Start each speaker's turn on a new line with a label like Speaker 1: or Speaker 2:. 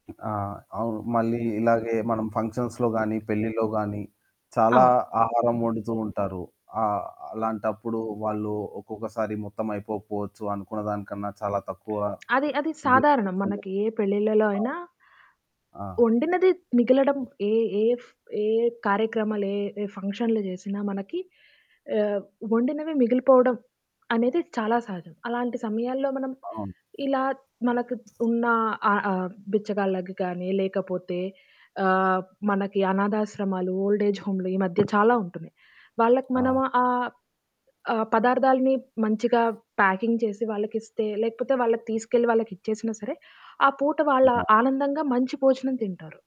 Speaker 1: ఆ!
Speaker 2: అవును.
Speaker 1: అవును. మళ్ళీ ఇలాగే మనం ఫంక్షన్స్‌లో గాని, పెళ్లిలో గాని చాలా ఆహారం వండుతూ ఉంటారు. ఆహ్, అలాంటప్పుడు వాళ్ళు ఒక్కొక్కసారి మొత్తం అయిపోకపోవచ్చు అనుకున్న దానికన్నా చాలా తక్కువ
Speaker 2: అది అది
Speaker 1: ది
Speaker 2: సాధారణం మనకి
Speaker 1: తెచ్చుండొచ్చు
Speaker 2: ఏ పెళ్ళిళ్ళలో
Speaker 1: ఆ!
Speaker 2: అయినా
Speaker 1: ఆ!
Speaker 2: వండినది మిగలడం ఏ ఏ ఫ్ ఏ కార్యక్రమాలు ఏ ఏ ఫంక్షన్లు చేసినా మనకి ఆహ్, వండినవి మిగిలిపోవడం అనేది చాలా సహజం. అలాంటి సమయాల్లో మనం
Speaker 1: అవును.
Speaker 2: ఇలా మనకు ఉన్న ఆహ్, ఆహ్, బిచ్చగాళ్ళకి గాని, లేకపోతే ఆహ్, మనకి అనాధాశ్రమాలు, ఓల్డ్ ఏజ్ హోములు ఈ మధ్య చాలా ఉంటున్నాయి. వాళ్ళకి మనము
Speaker 1: ఆ!
Speaker 2: ఆహ్, ఆ పదార్థాలని మంచిగా ప్యాకింగ్ చేసి వాళ్ళకి ఇస్తే, లేకపోతే వాళ్ళకి తీసుకెళ్ళి వాళ్ళకి ఇచ్చేసినా సరే, ఆ పూట వాళ్ళ
Speaker 1: ఇగా
Speaker 2: ఆనందంగా మంచి భోజనం తింటారు.